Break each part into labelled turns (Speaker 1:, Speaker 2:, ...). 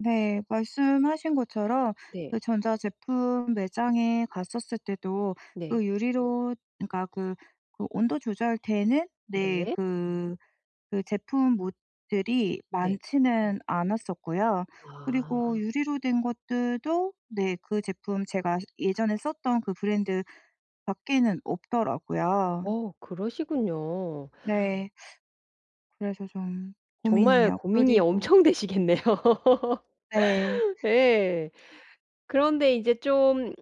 Speaker 1: 네. 말씀하신 것처럼
Speaker 2: 네.
Speaker 1: 그 전자 제품 매장에 갔었을 때도
Speaker 2: 네.
Speaker 1: 그 유리로 그러니까 그 오 온도 조절되는 네
Speaker 2: 네.
Speaker 1: 그 그 제품 모 [unintelligible] 들이
Speaker 2: 네.
Speaker 1: 많지는 않았었고요.
Speaker 2: 아.
Speaker 1: 그리고 유리로 된 것들도 네 그 제품 제가 예전에 썼던 그 브랜드밖에는 없더라고요.
Speaker 2: 어 그러시군요.
Speaker 1: 네. 그래서 좀
Speaker 2: 정말
Speaker 1: 고민이에요.
Speaker 2: 고민이
Speaker 1: 그리고
Speaker 2: 엄청 되시겠네요.
Speaker 1: 네.
Speaker 2: 예. 그런데 이제 좀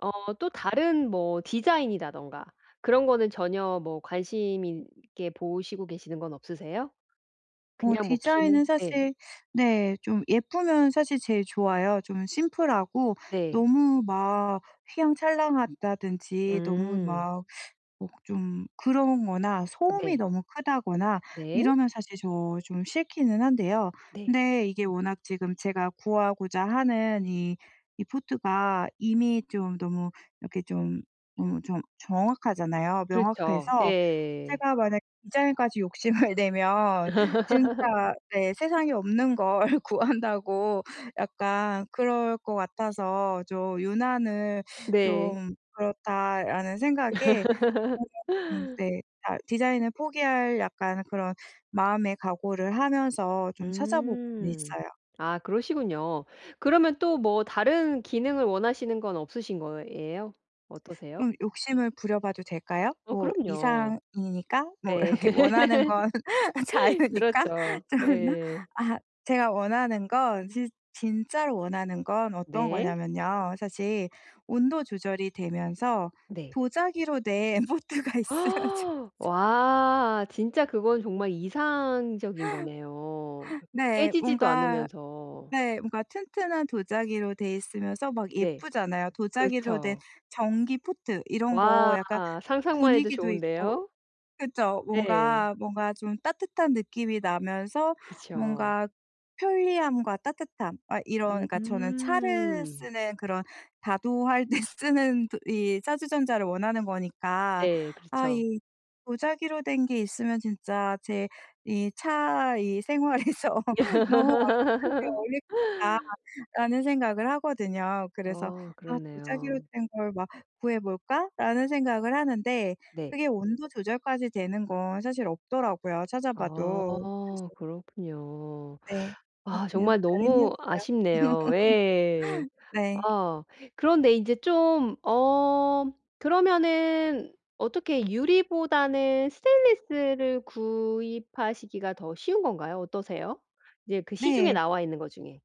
Speaker 2: 어 또 다른 뭐 디자인이라든가 그런 거는 전혀 뭐 관심 있게 보시고 계시는 건 없으세요?
Speaker 1: 어
Speaker 2: 그냥 뭐 기능
Speaker 1: 디자인은
Speaker 2: 네.
Speaker 1: 사실 네 좀 예쁘면 사실 제일 좋아요. 좀 심플하고
Speaker 2: 네.
Speaker 1: 너무 막 휘황찬란하다든지 너무
Speaker 2: 음.
Speaker 1: 막 목 좀 그런 거나 소음이
Speaker 2: 네.
Speaker 1: 너무 크다거나
Speaker 2: 네.
Speaker 1: 이러면 사실 저 좀 싫기는 한데요.
Speaker 2: 네.
Speaker 1: 근데 이게 워낙 지금 제가 구하고자 하는 이, 이 포트가 이미 좀 너무 이렇게 좀 어 좀 정확하잖아요.
Speaker 2: 그렇죠.
Speaker 1: 명확해서
Speaker 2: 예.
Speaker 1: 제가 만약 디자인까지 욕심을 내면 진짜 네 세상에 없는 걸 구한다고 약간 그럴 것 같아서 좀 유난을
Speaker 2: 네.
Speaker 1: '좀 그렇다.'라는 생각에 [unintelligible] 네 달 디자인을 포기할 약간 그런 마음의 각오를 하면서 좀 찾아보고는
Speaker 2: 음.
Speaker 1: 있어요.
Speaker 2: 아 그러시군요. 그러면 또 뭐 다른 기능을 원하시는 건 없으신 거예요? 어떠세요?
Speaker 1: 좀 욕심을 부려 봐도 될까요?
Speaker 2: 어
Speaker 1: 뭐
Speaker 2: 그럼요.
Speaker 1: 이상이니까. 뭐
Speaker 2: 네.
Speaker 1: 이렇게 원하는 건 자유니까.
Speaker 2: 그렇죠.
Speaker 1: 좀 그렇나.
Speaker 2: 네.
Speaker 1: 아 제가 원하는 건 진 진짜로 원하는 건 어떤
Speaker 2: 네.
Speaker 1: 거냐면요, 사실 온도 조절이 되면서
Speaker 2: 네.
Speaker 1: 도자기로 된 포트가 있으면 좋죠.
Speaker 2: 와. 진짜 그건 정말 이상적인 거네요 그
Speaker 1: 네.
Speaker 2: 깨지지도
Speaker 1: 뭔가
Speaker 2: 않으면서.
Speaker 1: 네 뭔가 튼튼한 도자기로 되어 있으면서 막
Speaker 2: 네.
Speaker 1: 예쁘잖아요. 도자기로 된
Speaker 2: 그렇죠.
Speaker 1: 전기 포트 이런 거
Speaker 2: 와.
Speaker 1: 약간
Speaker 2: 상상만 해도
Speaker 1: 분위기도 있고
Speaker 2: 좋은데요.
Speaker 1: 그쵸
Speaker 2: 네.
Speaker 1: 뭔가 뭔가 좀 따뜻한 느낌이 나면서
Speaker 2: 그쵸.
Speaker 1: 뭔가 편리함과 따뜻함. 아 이런 그러니까 저는 차를
Speaker 2: 음.
Speaker 1: 쓰는 그런 다도 할 때 쓰는 이 찻주전자를 원하는 거니까
Speaker 2: 네.
Speaker 1: '아
Speaker 2: 그렇죠.
Speaker 1: 이 도자기로 된 게 있으면 진짜 제 이 차 이 생활에서 너무 완벽하게 어울릴 거다.'라는 생각을 하거든요. 그래서
Speaker 2: 아.
Speaker 1: '아 도자기로
Speaker 2: 그렇네요.
Speaker 1: 된 걸 막 구해 볼까?'라는 생각을 하는데
Speaker 2: 네.
Speaker 1: 그게 온도 조절까지 되는 건 사실 없더라고요, 찾아
Speaker 2: 아.
Speaker 1: 봐도. 그래서
Speaker 2: 그렇군요.
Speaker 1: 네. 뭐
Speaker 2: 아
Speaker 1: 그냥
Speaker 2: 정말
Speaker 1: 바람이었어요.
Speaker 2: 너무 아쉽네요. 예.
Speaker 1: 네.
Speaker 2: 아 그런데 인제 좀 어 그러면은 어떻게 유리보다는 스테인리스를 구입하시기가 더 쉬운 건가요? 어떠세요? 이제 그 시중에
Speaker 1: 네.
Speaker 2: 나와 있는 거 중에.